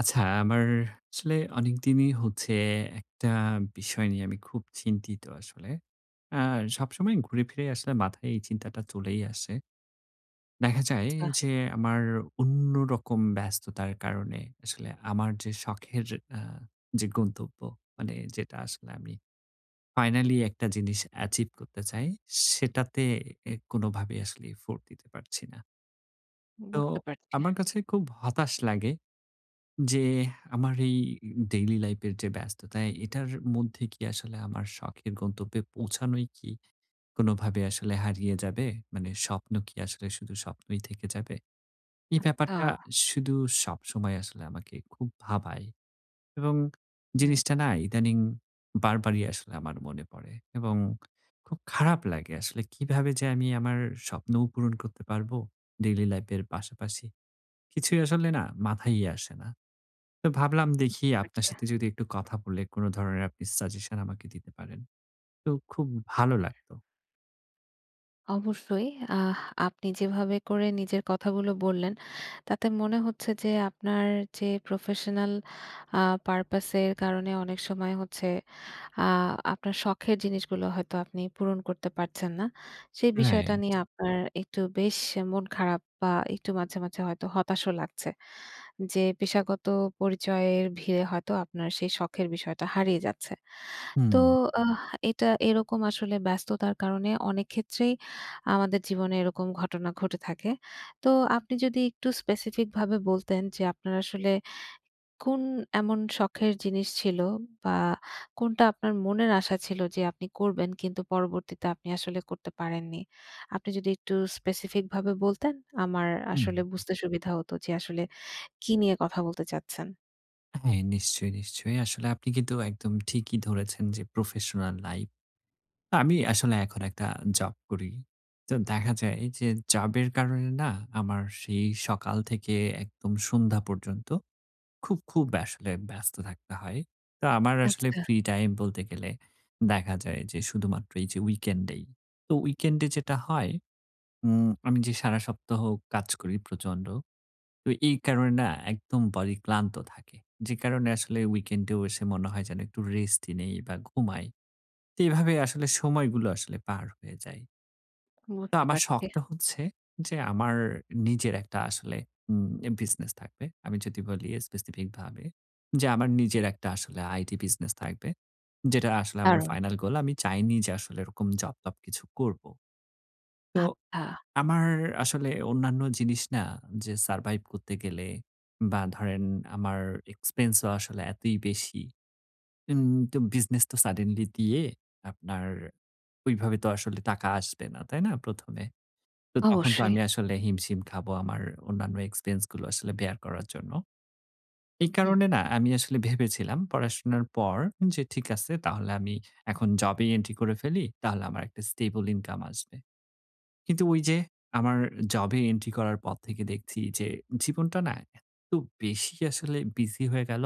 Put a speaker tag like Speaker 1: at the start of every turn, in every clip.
Speaker 1: আচ্ছা, আমার আসলে অনেকদিনই হচ্ছে একটা বিষয় নিয়ে আমি খুব চিন্তিত আসলে। অ্যা সবসময় ঘুরে ফিরে আসলে মাথায় এই চিন্তাটা চলেই আসে। দেখা যায়
Speaker 2: আচ্ছা।
Speaker 1: যে, আমার অন্যরকম ব্যস্ততার কারণে, আসলে আমার যে শখের আ যে গন্তব্য। মানে যেটা আসলে আমি ফাইনালি একটা জিনিস acheive করতে চাই। সেটাতে এ কোনভাবেই আসলে effort দিতে পারছি না। তো
Speaker 2: বুঝতে পারছি।
Speaker 1: আমার কাছে খুব হতাশ লাগে। যে আমার এই ডেইলি লাইফের যে ব্যস্ততা, এটার মধ্যে কি আসলে আমার শখের গন্তব্যে পৌঁছানোই কি কোনভাবে আসলে হারিয়ে যাবে? মানে স্বপ্ন কি আসলে শুধু স্বপ্নই থেকে যাবে? এই ব্যাপারটা
Speaker 2: আচ্ছা।
Speaker 1: শুধু সবসময় আসলে আমাকে খুব ভাবায় এবং
Speaker 2: হুম।
Speaker 1: জিনিসটা না ইদানিং বারবারই আসলে আমার মনে পড়ে এবং খুব খারাপ লাগে আসলে। কীভাবে যে আমি আমার স্বপ্নও পূরণ করতে পারবো ডেইলি লাইফের পাশাপাশি? কিছুই আসলে না মাথায়ই আসে না। তো ভাবলাম দেখি আপনার
Speaker 2: আচ্ছা।
Speaker 1: সাথে যদি একটু কথা বলে কোন ধরনের আপনি সাজেশন আমাকে দিতে পারেন, তো খুব ভালো লাগতো।
Speaker 2: অবশ্যই। আহ আপনি যেভাবে করে নিজের কথাগুলো বললেন, তাতে মনে হচ্ছে যে আপনার যে প্রফেশনাল আ পারপাস এর কারণে অনেক সময় হচ্ছে আ আপনার শখের জিনিসগুলো হয়তো আপনি পূরণ করতে পারছেন না। সেই বিষয়টা
Speaker 1: রাইট।
Speaker 2: নিয়ে আপনার একটু বেশ মন খারাপ বা একটু মাঝে, মাঝে হয়তো হতাশও লাগছে। যে পেশাগত পরিচয়ের ভিড়ে হয়তো আপনার সেই শখের বিষয়টা হারিয়ে যাচ্ছে। তো
Speaker 1: হুম।
Speaker 2: আহ, এটা এরকম আসলে ব্যস্ততার কারণে অনেক ক্ষেত্রেই আমাদের জীবনে এরকম ঘটনা ঘটে থাকে। তো আপনি যদি একটু স্পেসিফিক ভাবে বলতেন, যে আপনার আসলে কোন এমন শখের জিনিস ছিল? বা কোনটা আপনার মনের আশা ছিল যে আপনি করবেন কিন্তু পরবর্তীতে আপনি আসলে করতে পারেননি? আপনি যদি একটু স্পেসিফিক ভাবে বলতেন আমার
Speaker 1: হুম।
Speaker 2: আসলে বুঝতে সুবিধা হত যে আসলে কি নিয়ে কথা বলতে চাচ্ছেন।
Speaker 1: হ্যাঁ নিশ্চয়ই, নিশ্চয়ই। আসলে আপনি কিন্তু একদম ঠিকই ধরেছেন। যে প্রফেশনাল লাইপ আমি আসলে এখন একটা জব করি। তো দেখা যায় যে জবের কারণে না আমার সেই সকাল থেকে একদম সন্ধ্যা পর্যন্ত খুব, খুব আসলে ব্যস্ত থাকতে হয়। তা আমার আসলে
Speaker 2: আচ্ছা।
Speaker 1: ফ্রি টাইম বলতে গেলে দেখা যায় যে শুধুমাত্র এই যে উইকেন্ড এই। তো উইকেন্ডে যেটা হয় উম আমি যে সারা সপ্তাহ কাজ করি প্রচন্ড। তো এই কারণে না একদম বডি ক্লান্ত থাকে। যে কারণে আসলে উইকেন্ডেও এসে মনে হয় যেন একটু রেস্টই নেই বা ঘুমাই। তে এভাবেই আসলে সময়গুলো আসলে পার হয়ে যায়। তো
Speaker 2: বুঝতে
Speaker 1: আমার
Speaker 2: পারছি।
Speaker 1: শখটা হচ্ছে যে, আমার নিজের একটা আসলে উম এ বিজনেস থাকবে। আমি যদি বলি স্পেসিফিক ভাবে যে, আমার নিজের একটা আসলে IT বিজনেস থাকবে। যেটা আসলে আমার
Speaker 2: দারুন।
Speaker 1: Final goal. আমি চাইনি যে, আসলে এরকম জব-টব কিছু করব। তো,
Speaker 2: আচ্ছা।
Speaker 1: আমার আসলে অন্যান্য জিনিস না যে, সারভাইভ করতে গেলে বা ধরেন আমার এক্সপেন্সও আসলে এতই বেশি। উম তো বিজনেস তো সাডেনলি দিয়ে আপনার ঐভাবে তো আসলে টাকা আসবে না, তাই না? ১ম এ তো, তখন তো,
Speaker 2: অবশ্যই।
Speaker 1: আমি আসলে হিমশিম খাবো আমার অন্যান্য এক্সপেন্স গুলো আসলে বেয়ার করার জন্য। এই
Speaker 2: হুম।
Speaker 1: কারণে না, আমি আসলে ভেবেছিলাম পড়াশোনার পর যে, ঠিক আছে তাহলে আমি এখন জবেই এন্ট্রি করে ফেলি, তাহলে আমার একটা স্টেবল ইনকাম আসবে। কিন্তু ঐ যে, আমার জব এ এন্ট্রি করার পর থেকে দেখছি যে, জীবনটা না এত্ত বেশি আসলে বিজি হয়ে গেল।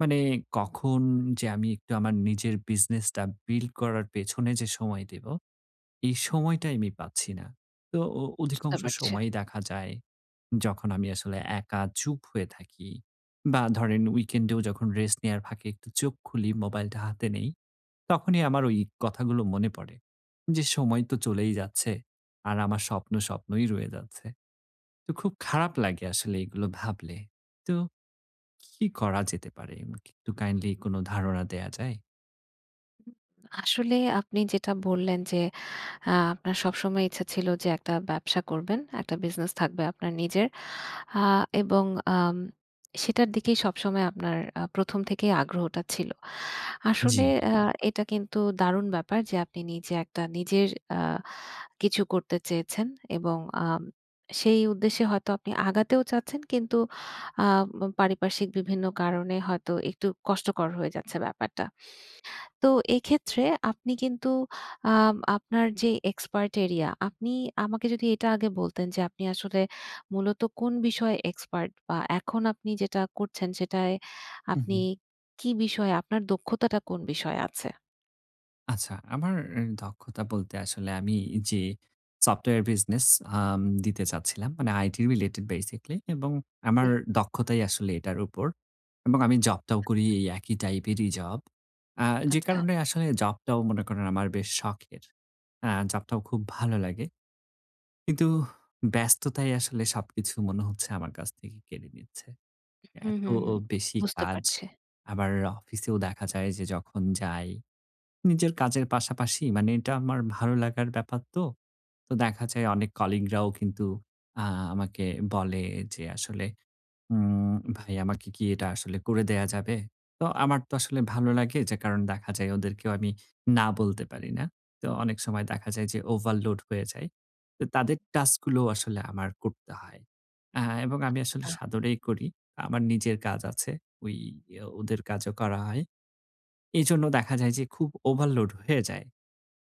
Speaker 1: মানে কখন যে, আমি একটু আমার নিজের বিজনেসটা বিল্ড করার পেছনে যে সময় দেব, এই সময়টাই আমি পাচ্ছি না। তো অ
Speaker 2: বুঝতে
Speaker 1: অধিকাংশ
Speaker 2: পারছি।
Speaker 1: সময়ই দেখা যায়, যখন আমি আসলে একা চুপ হয়ে থাকি বা ধরেন weekend এও যখন রেস্ট নেওয়ার ফাঁকে একটু চোখ খুলি, মোবাইলটা হাতে নেই। তখনই আমার ঐ কথাগুলো মনে পড়ে যে, সময় তো চলেই যাচ্ছে। আর আমার স্বপ্ন, স্বপ্নই রয়ে যাচ্ছে। তো খুব খারাপ লাগে আসলে এগুলো ভাবলে। তো কি করা যেতে পারে? আমাকে একটু কাইন্ডলি কোন ধারণা দেয়া যায়?
Speaker 2: আসলে আপনি যেটা বললেন যে আ আপনার সবসময় ইচ্ছা ছিলো যে একটা ব্যবসা করবেন। একটা বিজনেস থাকবে আপনার নিজের। আ এবং আম সেটার দিকে সবসময় আপনার আ প্রথম থেকেই আগ্রহটা ছিলো। আসলে
Speaker 1: জ্বী।
Speaker 2: আ এটা কিন্তু দারুণ ব্যাপার যে আপনি নিজে একটা নিজের আ কিছু করতে চেয়েছেন এবং আ সেই উদ্দেশ্যে হয়তো আপনি আগাতেও চাচ্ছেন কিন্তু আ ম পারিপার্শ্বিক বিভিন্ন কারণে হয়তো একটু কষ্টকর হয়ে যাচ্ছে ব্যাপারটা। তো এইক্ষেত্রে আপনি কিন্তু আ আপনার যে এক্সপার্ট এরিয়া আপনি আমাকে যোদি এটা আগে বলতেন যে আপনি আসলে মূলত কোন বিষয়ে এক্সপার্ট বা এখন আপনি যেটা করছেন সেটায় আপনি
Speaker 1: উম-হুম।
Speaker 2: কি বিষয়ে আপনার দক্ষতাটা কোন বিষয়ে আছে?
Speaker 1: আচ্ছা আমার এ দক্ষতা বলতে আসলে আমি যে সফটওয়্যার বিজনেস আম দিতে চাচ্ছিলাম। মানে আইটি রিলেটেড বেসিকলি এবং আমার
Speaker 2: জ্বী।
Speaker 1: দক্ষতাই আসলে এটার উপর। এবং আমি জবটাও করি এই একই টাইপেরই জব। অ্যা যে
Speaker 2: আচ্ছা।
Speaker 1: কারণে আসলে জবটাও মনে করেন আমার বেশ শখের। আ জবটাও খুব ভালো লাগে। কিন্তু ব্যস্ততায় আসলে সবকিছু মনে হচ্ছে আমার কাছ থেকে কেড়ে নিচ্ছে।
Speaker 2: হুম,
Speaker 1: এতো
Speaker 2: হুম, হুম
Speaker 1: বেশি
Speaker 2: বুঝতে
Speaker 1: কাজ।
Speaker 2: পারছি।
Speaker 1: আবার অফিসেও দেখা যায় যে যখন যাই, নিজের কাজের পাশাপাশি মানে এটা আমার ভালো লাগার ব্যাপার তো। তো দেখা যায় অনেক কলিগ রাও কিন্তু আ আমাকে বলে যে, আসলে উম "ভাই আমাকে কি এটা আসলে করে দেয়া যাবে?" তো আমার তো আসলে ভালো লাগে যে কারণ দেখা যায় ওদেরকেও আমি না বলতে পারি না। তো অনেক সময় দেখা যায় যে ওভারলোড হয়ে যায়। অ তাদের টাস্ক গুলো আসলে আমার করতে হয়। আ এবং আমি আসলে
Speaker 2: আচ্ছা।
Speaker 1: সাদরেই করি। আমার নিজের কাজ আছে। ওই অ ওদের কাজও করা হয়। এজন্য দেখা যায় যে, খুব ওভারলোড হয়ে যায়।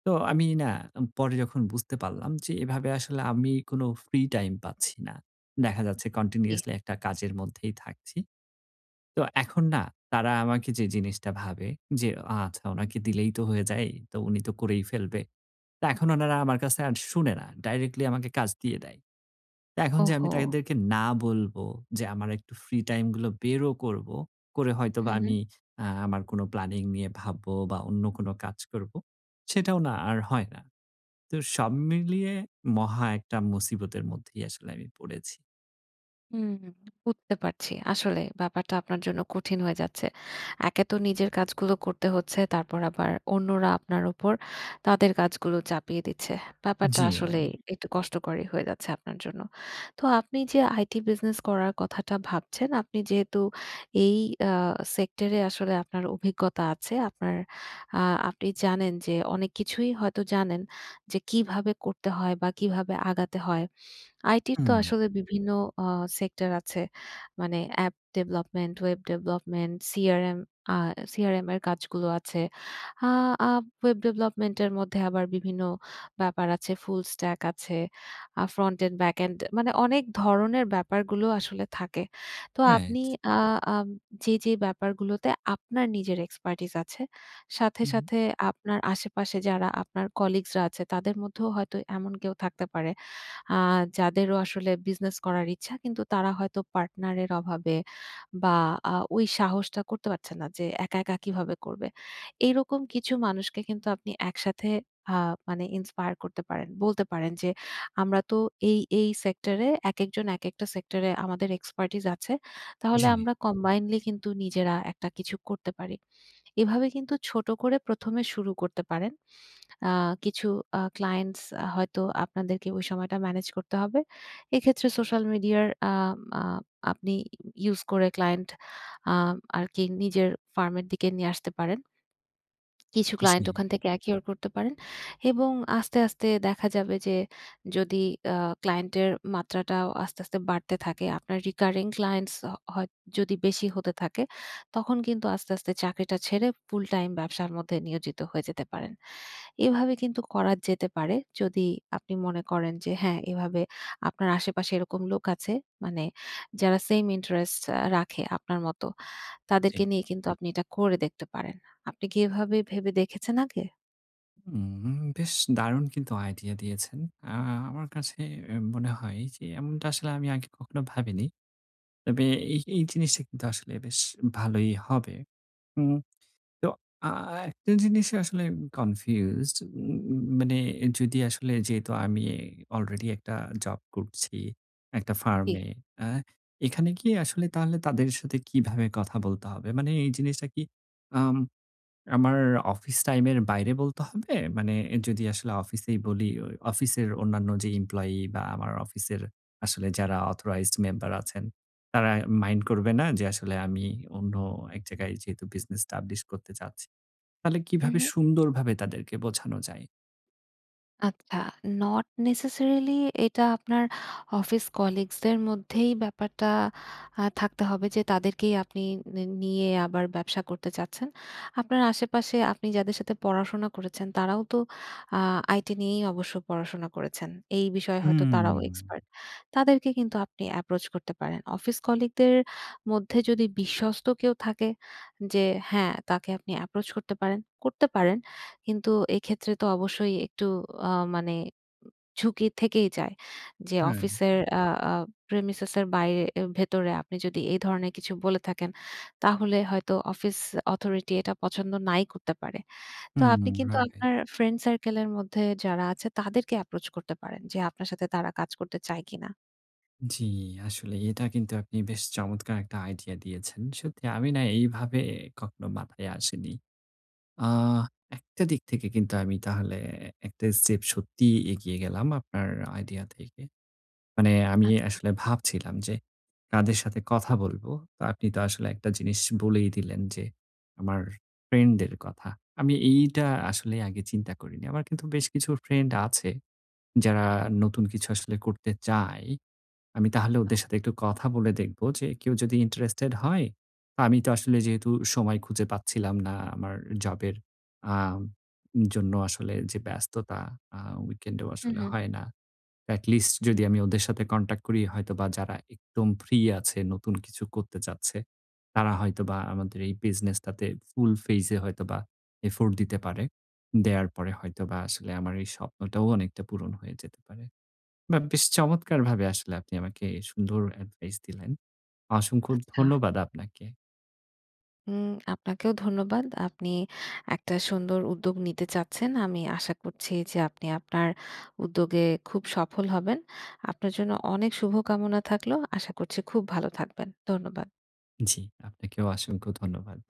Speaker 1: তো আমি না উ পরে যখন বুঝতে পারলাম যে এভাবে আসলে আমি কোনো ফ্রি টাইম পাচ্ছি না। দেখা যাচ্ছে
Speaker 2: জ্বী।
Speaker 1: কন্টিনিউয়াসলি একটা কাজের মধ্যেই থাকছি। তো এখন না তারা আমাকে যে জিনিসটা ভাবে যে অ "আচ্ছা ওনাকে দিলেই তো হয়ে যায়। তো উনি তো করেই ফেলবে।" তা এখন ওনারা আমার কাছে শুনে না। ডাইরেক্টলি আমাকে কাজ দিয়ে দেয়। তা, এখন যে আমি
Speaker 2: ওহো!
Speaker 1: তাদেরকে না বলবো যে আমার একটু ফ্রি টাইম গুলো বেরও করবো। করে হয়তোবা
Speaker 2: হুম, হুম।
Speaker 1: আমি আ আমার কোন প্ল্যানিং নিয়ে ভাববো বা অন্য কোন কাজ করবো। সেটাও না আর হয় না। তো সব মিলিয়ে মহা একটা মুসিবতের মধ্যেই আসলে আমি পড়েছি।
Speaker 2: হুম, বুঝতে পারছি। আসলেই, ব্যাপারটা আপনার জন্য কঠিন হয়ে যাচ্ছে। একে তো নিজের কাজগুলো করতে হচ্ছে। তারপর আবার অন্যরা আপনার উপর তাদের কাজগুলো চাপিয়ে দিচ্ছে। ব্যাপারটা আসলেই
Speaker 1: জি।
Speaker 2: একটু কষ্টকরই হয়ে যাচ্ছে আপনার জন্য। তো আপনি যে IT বিজনেস করার কথাটা ভাবছেন, আপনি যেহেতু এই আ সেক্টরে আসলে আপনার অভিজ্ঞতা আছে। আপনার আ আপনি জানেন যে, অনেক কিছুই হয়তো জানেন যে কিভাবে করতে হয় বা কিভাবে আগাতে হয়। আইটির তো
Speaker 1: হুম।
Speaker 2: আসলে বিভিন্ন আ সেক্টর আছে। মানে app development, web development, CRM আ সিআরএম এর কাজগুলো আছে। আ আ ওয়েব ডেভেলপমেন্ট এর মধ্যে আবার বিভিন্ন ব্যাপার আছে। ফুল স্ট্যাক আছে, আ ফ্রন্ট এন্ড ব্যাক এন্ড, মানে অনেক ধরনের ব্যাপারগুলো আসলে থাকে। তো
Speaker 1: রাইট।
Speaker 2: আপনি আ আম যে, যে ব্যাপারগুলোতে আপনার নিজের expertise আছে। সাথে,
Speaker 1: হু, হু।
Speaker 2: সাথে আপনার আশেপাশে যারা আপনার কলিগ'স রা আছে তাদের মধ্যেও হয়তো এমন কেউ থাকতে পারে। আ যাদেরও আসলে বিজনেস করার ইচ্ছা কিন্তু তারা হয়তো পার্টনার এর অভাবে বা আ ওই সাহসটা করতে পারছে না যে একা, একা কিভাবে করবে। এইরকম কিছু মানুষকে কিন্তু আপনি একসাথে আ মানে ইন্সপায়ার করতে পারেন। বলতে পারেন যে, "আমরা তো এই, এই সেক্টরে একেকজন, একেকটা সেক্টরে আমাদের expertise আছে। তাহলে
Speaker 1: জি।
Speaker 2: আমরা combinedly কিন্তু নিজেরা একটা কিছু করতে পারি।" এভাবে কিন্তু ছোট করে প্রথমে শুরু করতে পারেন। আ কিছু আ ক্লায়েন্টস হয়তো আপনাদেরকে ওই সময়টা মেনেজ করতে হবে। এক্ষেত্রে সোশ্যাল মিডিয়ার আম আ আপনি ই ইউস করে ক্লায়েন্ট আম আরকি নিজের ফার্মের দিকে নিয়ে আসতে পারেন। কিছু ক্লায়েন্ট
Speaker 1: জি।
Speaker 2: ওখান থেকে acquire করতে পারেন এবং আস্তে, আস্তে দেখা যাবে যে যদি আ ক্লায়েন্টের মাত্রাটাও আস্তে, আস্তে বাড়তে থাকে। আপনার recurring clients হ হয় যদি বেশি হতে থাকে, তখন কিন্তু আস্তে, আস্তে চাকরিটা ছেড়ে ফুল টাইম ব্যবসার মধ্যে নিয়োজিত হয়ে যেতে পারেন। এভাবে কিন্তু করা যেতে পারে। যদি আপনি মনে করেন যে হ্যাঁ, এভাবে আপনার আশেপাশে এরকম লোক আছে। মানে যারা সেইম ইন্টারেস্ট র রাখে আপনার মতো।
Speaker 1: জি।
Speaker 2: তাদেরকে নিয়ে কিন্তু আপনি এটা করে দেখতে পারেন। আপনি কি এভাবে ভেবে দেখেছেন আগে?
Speaker 1: হুম, বেশ দারুণ কিন্তু আইডিয়া দিয়েছেন। আ আমার কাছে এ মনে হয় যে, এমনটা আসলে আমি আগে কখনো ভাবিনি। তবে এই এই জিনিসটা কিন্তু আসলে বেশ ভালোই হবে। উম তো আ একটা জিনিস আসলে আমি কনফিউজড, ম মানে যদি আসলে যেহেতু আমি অলরেডি একটা জব করছি, একটা ফার্ম
Speaker 2: জী।
Speaker 1: এ, আ এখানে কি, আসলে তাহলে তাদের সাথে কিভাবে কথা বলতে হবে? মানে এই জিনিসটা কি, আম আমার অফিস টাইম এর বাইরে বলতে হবে? মানে যদি আসলে অফিসেই বলি, অ অফিসের অন্যান্য যে এমপ্লয়ি বা আমার অফিসের আসলে যারা অথরাইজড মেম্বার আছেন, তারা মাইন্ড করবে না? যে আসলে আমি অন্য এক জায়গায় যেহেতু বিজনেস এস্টাবলিশ করতে চাচ্ছি? তাহলে
Speaker 2: উম,
Speaker 1: কিভাবে
Speaker 2: হুম।
Speaker 1: সুন্দরভাবে তাদেরকে বোঝানো যায়?
Speaker 2: আচ্ছা। নট নেসেসারিলি এটা আপনার অফিস কলিগস দের মধ্যেই ব্যাপারটা আ থাকতে হবে যে, তাদেরকেই আপনি নি নিয়ে আবার ব্যবসা করতে চাচ্ছেন। আপনার আশেপাশে, আপনি যাদের সাথে পড়াশোনা করেছেন, তারাও তো আ আইটি নিয়েই অবশ্য পড়াশোনা করেছেন। এই বিষয়ে হয়তো তারাও
Speaker 1: হুম।
Speaker 2: এক্সপার্ট। তাদেরকে কিন্তু আপনি এপ্রোচ করতে পারেন। অফিস কলিগদের মধ্যে যদি বিশ্বস্ত কেউ থাকে, যে হ্যাঁ, তাকে আপনি এপ্রোচ করতে পারেন, করতে পারেন। কিন্তু এক্ষেত্রে তো অবশ্যই, একটু আ মানে ঝুঁকি থেকেই যায়। যে
Speaker 1: রাইট।
Speaker 2: অফিসের আ আ প্রেমিসেস এর বাইরে এ ভেতরে আপনি যদি এই ধরনের কিছু বলে থাকেন, তাহলে হয়তো অফিস অথরিটি এটা পছন্দ নাই করতে পারে। তো
Speaker 1: হুম,
Speaker 2: আপনি
Speaker 1: হুম,
Speaker 2: কিন্তু
Speaker 1: রাইট।
Speaker 2: আপনার, ফ্রেন্ড সার্কেল এর মধ্যে যারা আছে, তাদেরকে এপ্রোচ করতে পারেন, যে আপনার সাথে তারা কাজ করতে চায় কিনা?
Speaker 1: জি। আসলে এটা কিন্তু আপনি বেশ চমৎকার একটা idea দিয়েছেন। সত্যি আমি না এইভাবে কখনো মাথায় আসেনি। আ একটা দিক থেকে কিন্তু আমি তাহলে একটা step সত্যি এগিয়ে গেলাম আপনার idea থেকে। মানে আমি
Speaker 2: আচ্ছা।
Speaker 1: আসলে ভাবছিলাম যে কাদের সাথে কথা বলবো? আ আপনি তো আসলে একটা জিনিস বলেই দিলেন যে আমার friend দের কথা। আমি এইটা আসলে আগে চিন্তা করিনি। আমার কিন্তু বেশ কিছু friend আছে, যারা নতুন কিছু আসলে করতে চায়। আমি তাহলে ওদের সাথে একটু কথা বলে দেখব যে কেউ যদি interested হয়, আমি তো আসলে যেহেতু সময় খুঁজে পাচ্ছিলাম না আমার জব এর আ জন্য আসলে যে ব্যস্ততা আ weekend এ ও
Speaker 2: হুম,
Speaker 1: আসলে
Speaker 2: হুম।
Speaker 1: হয় না। At least যদি আমি ওদের সাথে contact করি হয়তো বা যারা একদম ফ্রি আছে নতুন কিছু করতে চাচ্ছে, তারা হয়তোবা আমাদের এই business টাতে full phase এ হয়তোবা effort দিতে পারে। দেওয়ার পরে হয়তোবা আসলে আমার এই স্বপ্নটাও অনেকটা পূরণ হয়ে যেতে পারে। But বেশ চমৎকারভাবে আসলে আপনি আমাকে সুন্দর advise দিলেন। অসংখ্য
Speaker 2: আচ্ছা।
Speaker 1: ধন্যবাদ আপনাকে।
Speaker 2: হুম, আপনাকেও ধন্যবাদ। আপনি একটা সুন্দর উদ্যোগ নিতে চাচ্ছেন। আমি আশা করছি যে আপনি আপনার উদ্যোগে খুব সফল হবেন। আপনার জন্য অনেক শুভ কামনা থাকল। আশা করছি খুব ভালো থাকবেন। ধন্যবাদ।
Speaker 1: জি, আপনাকেও অসংখ্য ধন্যবাদ।